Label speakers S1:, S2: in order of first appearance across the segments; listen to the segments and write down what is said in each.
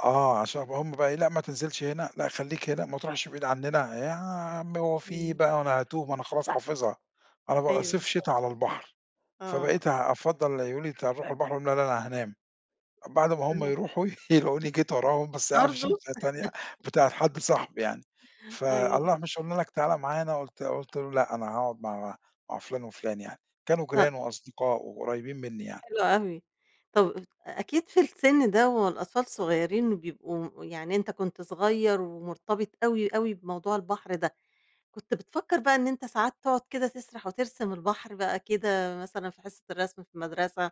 S1: آه عشان هُم بقي إيه، لأ ما تنزِلش هنا، لأ خلّيك هنا، ما تروحش بعيد عننا، يا عم هو في إيه
S2: إمم.
S1: بقى هو أنا هاتوه، ما أنا خلاص حافظها، أنا بابقى
S2: أيوه
S1: صيف
S2: بالضبط
S1: شِتا على البحر.
S2: آه.
S1: فبقيت أفضّل يقولو لي: "أنت هتروح البحر؟" اقول لهم: "لا، لا أنا هانام." بعد ما هُم
S2: [unintelligible]
S1: يرُوحوا، يلاقوني جيت وراهم، بس قاعد فى
S2: برضو؟
S1: شمسية تانية، بتاعة حد صاحبي يعني، ف
S2: أيوه.
S1: الله مش قُلنا لك تعالَ معانا قُلت قُلت له لأ أنا هاقعد مع مع فلان وفلان يعني، كانوا
S2: ط
S1: جيران وأصدقاء وقريبين مني يعني.
S2: حلو أوي. طَب أكيد في السن ده والأطفال صغيرين وبيبقوا يعني أنت كنت صغير ومُرتبط أوي، أوي بموضوع البحر ده، كنت بتفكّر بقى إن أنت ساعات تقعد كده تسرح وترسم البحر بقى كده، مثلًا في حصة الرسم في مدرسة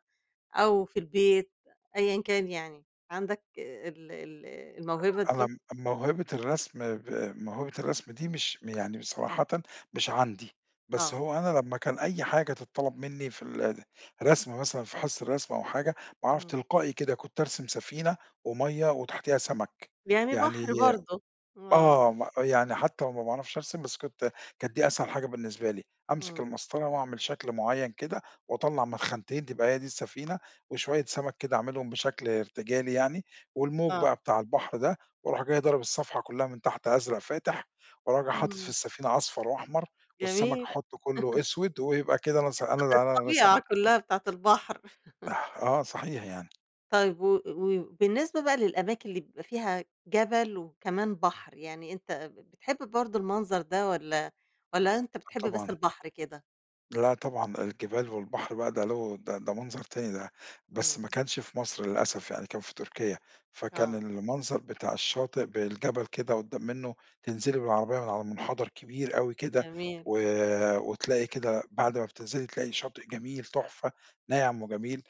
S2: أو في البيت، أيًا كان يعني، عندك ال ال الموهبة
S1: أ أنا
S2: دي؟
S1: م موهبة الرسم ب موهبة الرسم دي مش يعني صراحةً، مش عندي، بس
S2: آه.
S1: هو أنا لمّا كان أي حاجة تتطلب مني في ال الرسم مثلًا، في حصة الرسم أو حاجة، أعرف
S2: إمم.
S1: تلقائي كده، كنت أرسم سفينة ومَيَّة وتحتيها سمك،
S2: يعني
S1: يعني
S2: بحر برضه آه.
S1: آه، م يعني حتى لو ما باعرفش أرسم بس كنت كانت دي أسهل حاجة بالنسبة لي، أمسك
S2: إمم.
S1: المسطرة وأعمل شكل معيَّن كده واطلّع من خانتين تبقى هي دي السفينة، وشوية سمك كده أعملهم بشكل ارتجالي يعني، والموج
S2: آه.
S1: بقى بتاع البحر ده، وارُوح جاى ضارب الصفحة كلها من تحت أزرق فاتح، وراجع حاطط في
S2: إمم.
S1: السفينة أصفر وأحمر والسمك
S2: جميل
S1: أحُطه كله أسْوِد ويبقى كده أنا سا أنا
S2: الط
S1: أنا رسمت
S2: الطبيعة كلها بتاعة البحر
S1: أح، آه صحيح يعني
S2: طيب و و بالنسبة بقى للأماكن اللي بيبقى فيها جبل وكمان بحر، يعني أنت ب بتحب برضه المنظر ده والّا والّا أنت بتحب بس
S1: طبعًا.
S2: البحر كده؟
S1: لا طبعًا، الجبال والبحر بقى ده له ده ده منظر تاني ده، بس ما
S2: إمم.
S1: كانش في مصر للأسف يعني، كان في تركيا، فكان
S2: آه.
S1: المنظر بتاع الشاطئ بالجبل كده قدّام منه، تنزِلي بالعربية من على منحدر كبير أوي كده،
S2: جميل
S1: و
S2: آه.
S1: وتلاقي كده بعد ما بتنزِلي تلاقي شاطئ جميل، تحفة، ناعم وجميل،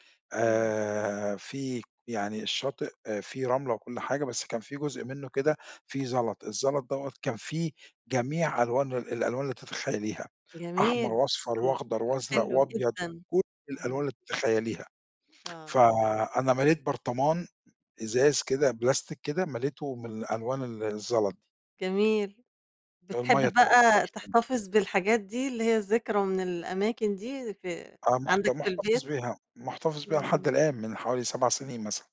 S2: إمم.
S1: آآ، في يعني الشاطئ فيه رملة وكل حاجة، بس كان في جزء منه كده فيه زلط، الزلط دوّة كان فيه جميع ألوان ال الألوان اللي تتخيليها، أحمر
S2: جميل
S1: وأصفر
S2: إمم.
S1: وأخضر
S2: لأ
S1: وأزرق
S2: حلو
S1: وأبيض،
S2: جدًا.
S1: كل الألوان
S2: إمم.
S1: اللي تتخيليها،
S2: آه، آه.
S1: فأنا مَليت برطمان، إزاز كده، بلاستيك كده، مَليته من الألوان ال الزلط دي.
S2: جميل
S1: المَيَّة
S2: بتحب
S1: طبعًا
S2: بقى
S1: تحفة.
S2: تحتفظ بالحاجات دي، اللي هي الذكرى من الأماكن دي في
S1: آه مُحت
S2: عندك في
S1: مُحتفظ
S2: البيت؟
S1: بيها، مُحتفظ بيها لحد
S2: إمم.
S1: الآن، من حوالي 7 سنين مثلًا.